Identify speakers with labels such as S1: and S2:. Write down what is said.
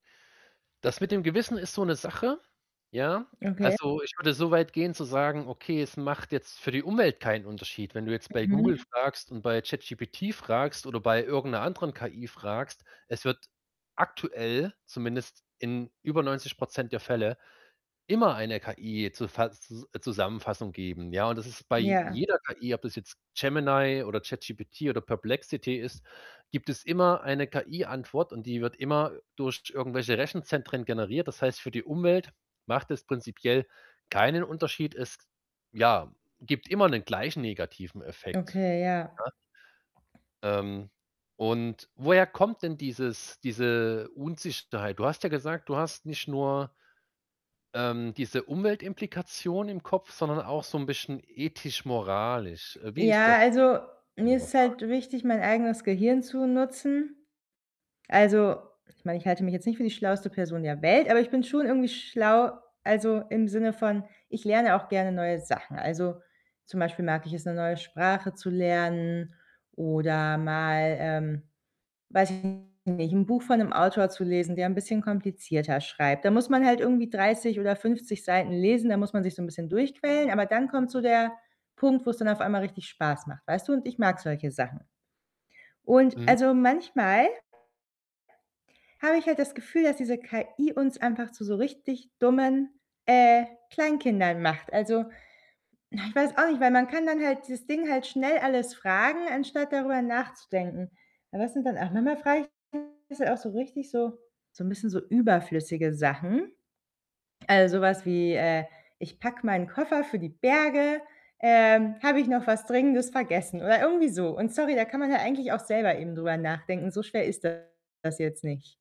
S1: Das mit dem Gewissen ist so 'ne Sache, ja.
S2: Okay.
S1: Also, ich würde so weit gehen zu sagen: „Okay, es macht jetzt für die Umwelt keinen Unterschied.“ Wenn du jetzt bei Google
S2: Mhm.
S1: fragst und bei ChatGPT fragst oder bei irgend 'ner anderen KI fragst, es wird aktuell zumindest in über 90 % der Fälle immer eine KI-Zufa Zus äh, Zusammenfassung geben, ja. Und das ist bei
S2: Ja.
S1: jeder KI, ob das jetzt Gemini oder ChatGPT oder Perplexity ist gibt es immer eine KI-Antwort, und die wird immer durch irgendwelche Rechenzentren generiert. Das heißt, für die Umwelt macht das prinzipiell keinen Unterschied. Es ja, gibt immer 'nen gleichen negativen Effekt,
S2: Okay, ja.
S1: ja? Ähm, und woher kommt denn dieses diese Unsicherheit? Du hast ja gesagt, du hast nicht nur ähm, diese Umweltimplikation im Kopf, sondern auch so 'n bisschen ethisch-moralisch. Äh, wie ist
S2: Ja,
S1: das,
S2: also,
S1: wenn
S2: mir
S1: ich mal
S2: ist
S1: fragen
S2: halt
S1: darf?
S2: wichtig, mein eigenes Gehirn zu nutzen. Also, ich meine, ich halte mich jetzt nicht für die schlauste Person der Welt, aber ich bin schon irgendwie schlau, also, im Sinne von ich lerne auch gerne neue Sachen. Also, zum Beispiel mag ich es, 'ne neue Sprache zu lernen oder mal, ähm, weiß ich nicht, 'n Buch von 'nem Autor zu lesen, der ein bisschen komplizierter schreibt. Da muss man halt irgendwie 30 oder 50 Seiten lesen, da muss man sich so 'n bisschen durchquälen. Aber dann kommt so der Punkt, wo's dann auf einmal richtig Spaß macht. Weißt du? Und ich mag solche Sachen. Und,
S1: Mhm.
S2: also, manchmal habe ich halt das Gefühl, dass diese KI uns einfach zu so richtig dummen, äh, Kleinkindern macht. Also, na, ich weiß auch nicht, weil man kann dann halt dieses Ding halt schnell alles fragen, anstatt darüber nachzudenken. Aber das sind dann auch manchmal frage ich [unintelligible] auch so richtig so so 'n bisschen so überflüssige Sachen. Also, so was wie, äh: „Ich packe meinen Koffer für die Berge. Ähm, habe ich noch was Dringendes vergessen?“ Oder irgendwie so. Und sorry, da kann man ja eigentlich auch selber eben drüber nachdenken. So schwer ist das jetzt nicht.